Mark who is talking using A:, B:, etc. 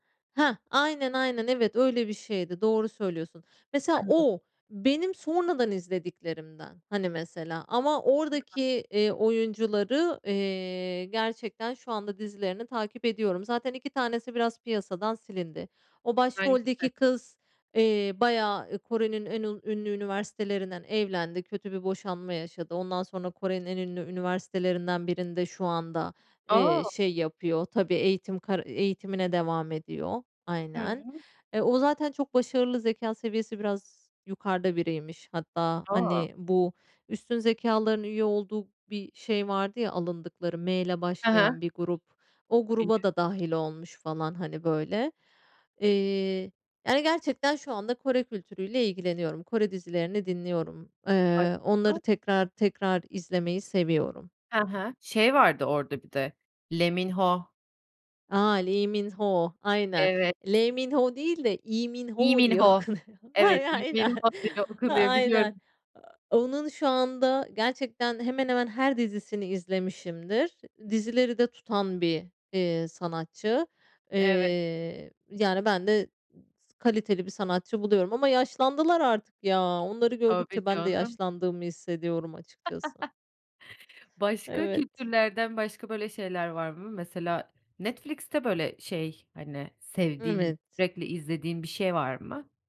A: Heh, aynen, aynen. Evet, öyle bir şeydi, doğru söylüyorsun. Mesela
B: [unintelligible]
A: o, benim sonradan izlediklerimden. Hani, mesela, ama
B: [unintelligible]
A: oradaki, eee, oyuncuları, eee, gerçekten şu anda dizilerini takip ediyorum. Zaten 2 tanesi, biraz piyasadan silindi, o
B: Bence
A: başroldeki
B: de.
A: kız, eee, bayağı Kore'nin en un ünlü üniversitelerinden evlendi, kötü bir boşanma yaşadı. Ondan sonra, Kore'nin en ünlü üniversitelerinden birinde şu anda, eee,
B: A!
A: şey yapıyor, tabii eğitim kar eğitimine devam ediyor.
B: Hı
A: Aynen,
B: hı.
A: e, o zaten çok başarılı, zekâ seviyesi biraz yukarıda biriymiş. Hatta,
B: A!
A: hani, bu üstün zekâlıların üye olduğu bir şey vardı ya, alındıkları M ile
B: He he.
A: başlayan bir grup, o gruba
B: [unintelligible]
A: da dâhil olmuş falan, hani, böyle. Eee, yani gerçekten şu anda Kore kültürüyle ilgileniyorum. Kore dizilerini dinliyorum, eee, onları
B: [unintelligible]
A: tekrar, tekrar izlemeyi seviyorum.
B: He he, şey vardı orada bir de, Lee Min-ho.
A: A, Lee Min-ho, aynen
B: Evet.
A: Le Mmin-ho değil de, Lee
B: Lee
A: Min-ho diye
B: Min-ho.
A: okunuyor.
B: Evet,
A: Ay
B: Lee
A: aynen,
B: Min-ho diye okunuyor,
A: aynen.
B: biliyorum.
A: A onun şu anda, gerçekten hemen, hemen her dizisini izlemişimdir. Dizileri de tutan bir, eee, sanatçı.
B: Evet.
A: Eee, yani ben de s kaliteli bir sanatçı buluyorum ama yaşlandılar artık ya. Onları
B: Tabii
A: gördükçe ben de
B: canım.
A: yaşlandığımı hissediyorum açıkçası.
B: Başka
A: Evet.
B: kültürlerden, başka, böyle şeyler var mı? Mesela, Netflix'te böyle, şey, hani, sevdiğin
A: Evet.
B: sürekli izlediğin bir şey var mı?